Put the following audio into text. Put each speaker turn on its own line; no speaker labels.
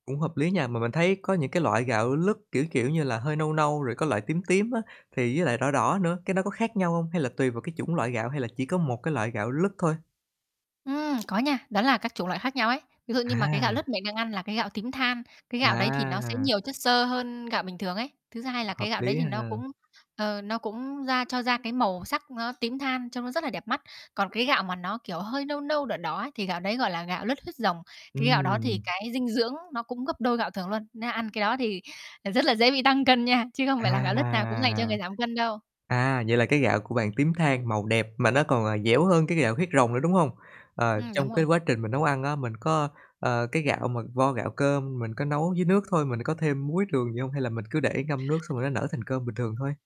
Cũng hợp lý nha, mà mình thấy có những cái loại gạo lứt, kiểu, kiểu như là, hơi nâu nâu, rồi có loại tím tím á, thì với lại đỏ đỏ nữa, cái nó có khác nhau hông? Hay là tùy vào cái chủng loại gạo, hay là chỉ có một cái loại gạo lứt thôi?
Ừm, có nha. Đó là các chủng loại khác nhau ấy. Ví dụ như mà cái gạo
À!
lứt mình đang ăn là cái gạo tím than, cái gạo đấy thì nó sẽ
À!
nhiều chất xơ hơn gạo bình thường ấy. Thứ hai là
Hợp
cái gạo đấy
lý
thì nó
ha.
cũng, ờ, nó cũng ra cho ra cái màu sắc nó tím than, trông nó rất là đẹp mắt. Còn cái gạo mà nó, kiểu, hơi nâu nâu, đỏ đỏ ấy, thì gạo đấy gọi là gạo lứt huyết rồng. Cái gạo đó thì
Ừm.
cái dinh dưỡng nó cũng gấp đôi gạo thường luôn. Nên ăn cái đó thì, ờ, rất là dễ bị tăng cân nha, chứ không phải là
À!
gạo lứt nào cũng dành cho người giảm cân đâu.
À, vậy là cái gạo của bạn tím than màu đẹp, mà nó còn, à, dẻo hơn cái gạo huyết rồng nữa, đúng hông? Ờ,
Ừm, đúng
trong
rồi.
cái quá trình mình nấu ăn á, mình có, ờ, cái gạo mà vo gạo cơm mình có nấu với nước thôi, mình có thêm muối, đường gì hông? Hay là mình cứ để ngâm nước xong rồi nó nở thành cơm bình thường thôi?